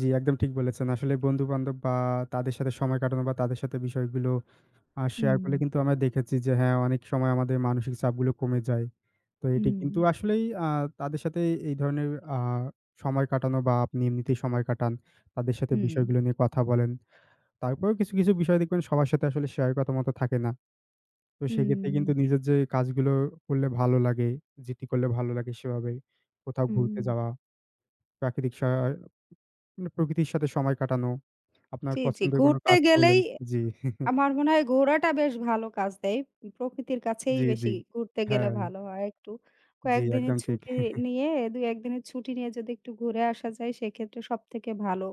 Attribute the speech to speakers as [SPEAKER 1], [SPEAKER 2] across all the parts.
[SPEAKER 1] জি, একদম ঠিক বলেছেন। আসলে বন্ধু-বান্ধব বা তাদের সাথে সময় কাটানো বা তাদের সাথে বিষয়গুলো আ শেয়ার করলে
[SPEAKER 2] হুম।
[SPEAKER 1] কিন্তু আমরা দেখেছি যে হ্যাঁ অনেক সময় আমাদের মানসিক চাপগুলো কমে যায়। তো এটি কিন্তু
[SPEAKER 2] হুম।
[SPEAKER 1] আসলেই আ তাদের সাথে এ এই ধরনের আ সময় কাটানো বা আপনি এমনিতেই সময় কাটান, তাদের সাথে
[SPEAKER 2] হুম।
[SPEAKER 1] বিষয়গুলো নিয়ে কথা বলেন। তারপরও কিছু, কিছু, বিষয় দেখবেন সবার সাথে আসলে শেয়ার করার মতো থাকে না। তো সেক্ষেত্রে
[SPEAKER 2] হুম।
[SPEAKER 1] কিন্তু নিজের যে কাজগুলো করলে ভালো লাগে, যেটি করলে ভালো লাগে সেভাবে। কোথাও ঘুরতে
[SPEAKER 2] হুম।
[SPEAKER 1] যাওয়া, প্রাকৃতিক সা মানে প্রকৃতির সাথে সময় কাটানো, আপনার
[SPEAKER 2] জি, জি।
[SPEAKER 1] পছন্দের কোন
[SPEAKER 2] ঘুরতে
[SPEAKER 1] কাজ
[SPEAKER 2] গেলেই
[SPEAKER 1] করলেন। জি।
[SPEAKER 2] আমার মনে হয় ঘোরাটা বেশ ভালো কাজ দেয়। প্রকৃতির কাছেই
[SPEAKER 1] জি, জি।
[SPEAKER 2] বেশি ঘুরতে গেলে
[SPEAKER 1] হ্যাঁ।
[SPEAKER 2] ভালো হয় একটু।
[SPEAKER 1] জি,
[SPEAKER 2] কয়েকদিনের
[SPEAKER 1] একদম ঠিক।
[SPEAKER 2] ছুটি নিয়ে, ২-১ দিনের ছুটি নিয়ে যদি একটু ঘুরে আসা যায় সেক্ষেত্রে সব থেকে ভালো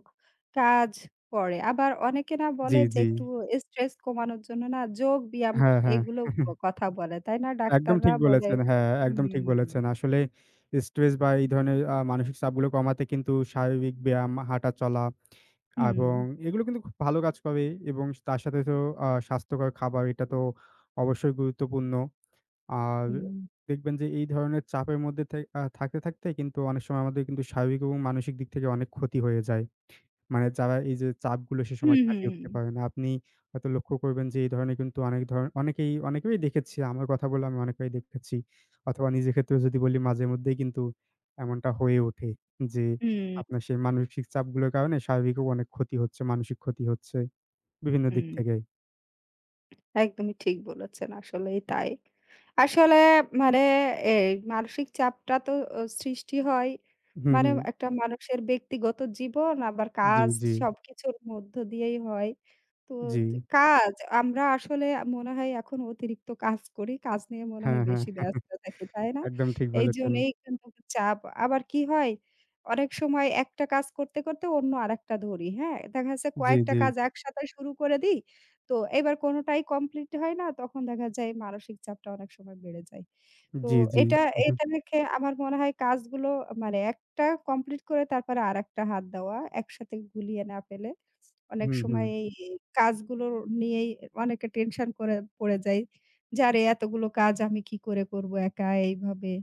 [SPEAKER 2] কাজ করে। আবার অনেকে না
[SPEAKER 1] জি,
[SPEAKER 2] বলে যে
[SPEAKER 1] জি।
[SPEAKER 2] একটু স্ট্রেস কমানোর জন্য না যোগব্যায়াম
[SPEAKER 1] হ্যাঁ, হ্যাঁ।
[SPEAKER 2] এগুলো ক কথা বলে। তাই না?
[SPEAKER 1] একদম
[SPEAKER 2] ডাক্তাররা
[SPEAKER 1] ঠিক
[SPEAKER 2] বলে
[SPEAKER 1] বলেছেন।
[SPEAKER 2] [unintelligible]
[SPEAKER 1] হ্যাঁ, একদম ঠিক
[SPEAKER 2] হুম।
[SPEAKER 1] বলেছেন। আসলেই স্ট্রেস বা এই ধরনের আ মানসিক চাপগুলো কমাতে কিন্তু স্বাভাবিক ব্যায়াম, হাঁটা চলা আ এবং
[SPEAKER 2] হুম।
[SPEAKER 1] এগুলো কিন্তু খুব ভালো কাজ করে এবং তার সাথে তো আ স্বাস্থ্যকর খাবার এটা তো অবশ্যই গুরুত্বপূর্ণ। আর
[SPEAKER 2] হুম।
[SPEAKER 1] দেখবেন যে এই ধরনের চাপের মধ্যে থেই আ থাকতে, থাকতেই কিন্তু অনেক সময় আমাদের কিন্তু স্বাভাবিক এবং মানসিক দিক থেকে অনেক ক্ষতি হয়ে যায়। মানে যারা এই যে চাপগুলো সে সময়
[SPEAKER 2] হুম, হুম,
[SPEAKER 1] কাটিয়ে উঠতে
[SPEAKER 2] হুম।
[SPEAKER 1] পারে না, আপনি হয়তো লক্ষ্য করবেন যে এই ধরনের কিন্তু অনেক ধরণ অনেকেই, অনেকেই দেখেছি আমার কথা বললে আমি অনেককেই দেখেছি। অথবা নিজের ক্ষেত্রেও যদি বলি মাঝেমধ্যেই কিন্তু এমনটা হয়ে ওঠে। যে
[SPEAKER 2] হুম।
[SPEAKER 1] আপনার সেই মানসিক চাপগুলোর কারণে শারীরিকও অনেক ক্ষতি হচ্ছে, মানসিক ক্ষতি হচ্ছে বিভিন্ন দিক
[SPEAKER 2] হুম।
[SPEAKER 1] থেকে।
[SPEAKER 2] একদমই ঠিক বলেছেন। আসলেই তাই। আসলে মানে এই মানসিক চাপটা তো ও সৃষ্টি হয়।
[SPEAKER 1] হুম,
[SPEAKER 2] মানে
[SPEAKER 1] হুম।
[SPEAKER 2] একটা মানুষের ব্যক্তিগত জীবন আবার
[SPEAKER 1] জি,
[SPEAKER 2] কাজ
[SPEAKER 1] জি।
[SPEAKER 2] সব কিছুর মধ্য দিয়েই হয়। তো
[SPEAKER 1] জি।
[SPEAKER 2] কাজ আমরা আসলে আ মনে হয় এখন অতিরিক্ত কাজ করি। কাজ নিয়ে মনে
[SPEAKER 1] হ্যাঁ,
[SPEAKER 2] হয়
[SPEAKER 1] হ্যাঁ।
[SPEAKER 2] বেশি ব্যস্ত থাকি, তাই না?
[SPEAKER 1] একদম ঠিক বলেছেন।
[SPEAKER 2] এইজন্যই কিন্তু চাপ। আবার কি হয়? অনেক সময় একটা কাজ করতে, করতে, অন্য আরেকটা ধরি, হ্যাঁ? দেখা যাচ্ছে
[SPEAKER 1] জি,
[SPEAKER 2] কয়েকটা
[SPEAKER 1] জি।
[SPEAKER 2] কাজ একসাথে শুরু করে দিই। তো এবার কোনটাই complete হয় না। তখন দেখা যায় মানসিক চাপটা অনেক সময় বেড়ে যায়। তো
[SPEAKER 1] জি, জি।
[SPEAKER 2] এটা, এটা, দেখে আমার মনে হয় কাজগুলো মানে একটা complete করে তারপরে আরেকটা হাত দেওয়া। একসাথে গুলিয়ে না ফেলে। অনেক
[SPEAKER 1] হুম, হুম।
[SPEAKER 2] সময় এই কাজগুলো নিয়েই অনেকে tension করে পড়ে যায়। যে আরে এতগুলো কাজ আমি কি করে করব একা এইভাবে?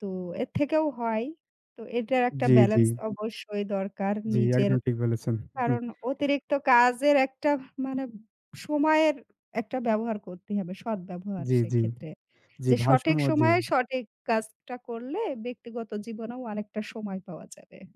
[SPEAKER 2] তো এর থেকেও হয়। তো এটার একটা
[SPEAKER 1] জি, জি।
[SPEAKER 2] balance অবশ্যই দরকার
[SPEAKER 1] জি,
[SPEAKER 2] নিজের।
[SPEAKER 1] একদম ঠিক বলেছেন।
[SPEAKER 2] কারণ অতিরিক্ত কাজের একটা মানে সময়ের একটা ব্যবহার করতেই হবে, সৎ ব্যবহার
[SPEAKER 1] জি, জি।
[SPEAKER 2] সেক্ষেত্রে।
[SPEAKER 1] জি,
[SPEAKER 2] যে সঠিক
[SPEAKER 1] ভারসাম্য, জি।
[SPEAKER 2] সময়ে সঠিক কাজটা করলে ব্যক্তিগত জীবনেও অনেকটা সময় পাওয়া যাবে।